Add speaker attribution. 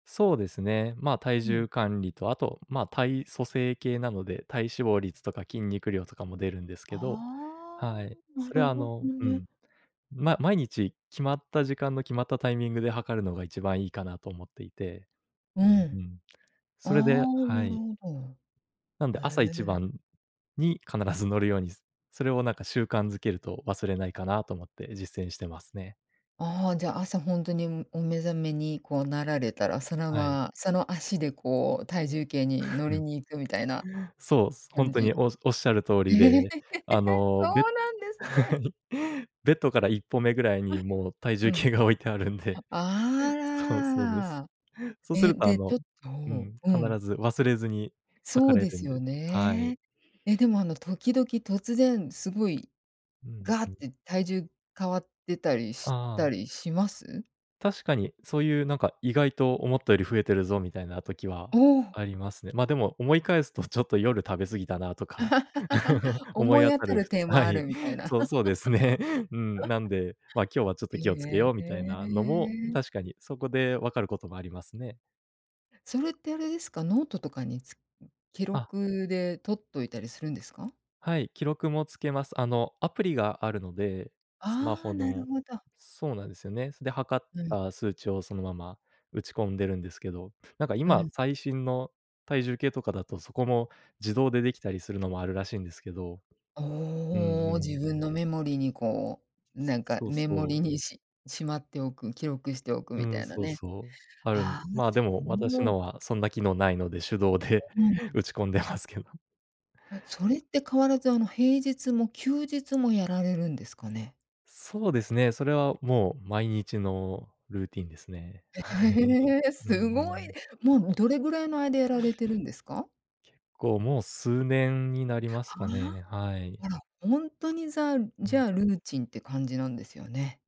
Speaker 1: そうですね、ま、体
Speaker 2: うん。
Speaker 1: 重管理とあと、ま、体組成計なので、体脂肪率とか筋肉量とかも出るんですけど
Speaker 2: あ
Speaker 1: はい。
Speaker 2: あ。な
Speaker 1: それ
Speaker 2: る
Speaker 1: はあ
Speaker 2: ほ
Speaker 1: の
Speaker 2: ど
Speaker 1: う
Speaker 2: ね。
Speaker 1: ん。ま毎日決まった時間の決まったタイミングで量るのが一番いいかなと思っていて。
Speaker 2: う
Speaker 1: うんう
Speaker 2: ん。
Speaker 1: ん。
Speaker 2: ああ、
Speaker 1: それでは
Speaker 2: な
Speaker 1: い。
Speaker 2: るほど。
Speaker 1: なんで、
Speaker 2: う
Speaker 1: 朝一
Speaker 2: え。
Speaker 1: 番に必ず乗るように、すそれをなんか習慣づけると忘れないかなと思って実践してますね。
Speaker 2: ああ、じゃ、朝ほんとにむお目覚めにこうなられたら、その
Speaker 1: はい。
Speaker 2: まその足でこう体重計に乗り に行くみたいな、
Speaker 1: そうす、ほ
Speaker 2: 感
Speaker 1: んとに
Speaker 2: じ。
Speaker 1: おずおっしゃる通りで、あ の、
Speaker 2: そ
Speaker 1: ベッ
Speaker 2: うなんですね。
Speaker 1: はい。ベッドから1歩目ぐらいに もう体
Speaker 2: う
Speaker 1: 重
Speaker 2: ん。
Speaker 1: 計が置いてあるんで。
Speaker 2: あ
Speaker 1: そう、そうです。
Speaker 2: ら。
Speaker 1: そうす
Speaker 2: え、
Speaker 1: るとあ
Speaker 2: で、ちょ
Speaker 1: の、
Speaker 2: っ
Speaker 1: う
Speaker 2: と
Speaker 1: ん
Speaker 2: う
Speaker 1: うん、必
Speaker 2: ん。
Speaker 1: ず忘れずに
Speaker 2: そ
Speaker 1: 量
Speaker 2: う
Speaker 1: れ
Speaker 2: で
Speaker 1: るん
Speaker 2: す
Speaker 1: で
Speaker 2: よ
Speaker 1: て。はい。
Speaker 2: ね。え、でもあの、時々突然すごい、
Speaker 1: うん、
Speaker 2: ガッ
Speaker 1: ふん。
Speaker 2: て体重変わってたりし
Speaker 1: あ
Speaker 2: た
Speaker 1: あ。
Speaker 2: りします？
Speaker 1: 確かに、そういうなんか「意外と思ったより増えてるぞ」みたいな時は
Speaker 2: おお。
Speaker 1: ありますね。ま、でも思い返すと「ちょっと夜食べ過ぎたな」とか、思い
Speaker 2: 思い
Speaker 1: 当
Speaker 2: 当
Speaker 1: た
Speaker 2: た
Speaker 1: る
Speaker 2: る
Speaker 1: ふつ
Speaker 2: 点は
Speaker 1: は
Speaker 2: あ
Speaker 1: い。
Speaker 2: るみたいな。
Speaker 1: そうそうですね。うん、なんで「まあ、今日はちょっと気をつけ
Speaker 2: へ
Speaker 1: よう」みたいなのも、
Speaker 2: え。
Speaker 1: 確かにそこで分かることもありますね。
Speaker 2: それってあれですか、ノートとかにつん、記
Speaker 1: あ。
Speaker 2: 録で取っといたりするんですか？
Speaker 1: はい。記録もつけます。あの、アプリがあるので、スマ
Speaker 2: ああ、
Speaker 1: ホ
Speaker 2: なる
Speaker 1: の。
Speaker 2: ほど。
Speaker 1: そうなんですよね。そ、で、量っ
Speaker 2: うん。
Speaker 1: た数値をそのまま打ち込んでるんですけど、なんか
Speaker 2: う
Speaker 1: 今
Speaker 2: ん。
Speaker 1: 最新の体重計とかだと、そこも自動でできたりするのもあるらしいんですけど。うんう
Speaker 2: おお、自
Speaker 1: ん。
Speaker 2: 分のメモリにこう、な
Speaker 1: す
Speaker 2: んか
Speaker 1: そう
Speaker 2: メモ
Speaker 1: そ
Speaker 2: リ
Speaker 1: う。
Speaker 2: にししまっておく、記録しておく
Speaker 1: う
Speaker 2: み
Speaker 1: う
Speaker 2: た
Speaker 1: ん、
Speaker 2: いな
Speaker 1: そう
Speaker 2: ね。
Speaker 1: そう。あるん
Speaker 2: ああ、
Speaker 1: まあ、で
Speaker 2: そ
Speaker 1: も、私
Speaker 2: う。
Speaker 1: のはそんな機能ないので、手動
Speaker 2: あ、
Speaker 1: で
Speaker 2: うん、ん。
Speaker 1: 打ち込んでますけど。
Speaker 2: あ、それって変わらず、あの、平日も休日もやられるんですかね？
Speaker 1: そうですね、それはもう毎日のルーティンですね。
Speaker 2: え、
Speaker 1: はい、
Speaker 2: へえ、
Speaker 1: うんう
Speaker 2: すごい、
Speaker 1: ん。
Speaker 2: もう、も、どれぐらいの間やられてるんですか。
Speaker 1: 結構もう数年になりま
Speaker 2: あ
Speaker 1: すか
Speaker 2: あ。
Speaker 1: ね、はい。
Speaker 2: あら、ほんとにざ、
Speaker 1: う
Speaker 2: じ
Speaker 1: ん。
Speaker 2: ゃあ、ルーチンって感じなんですよね。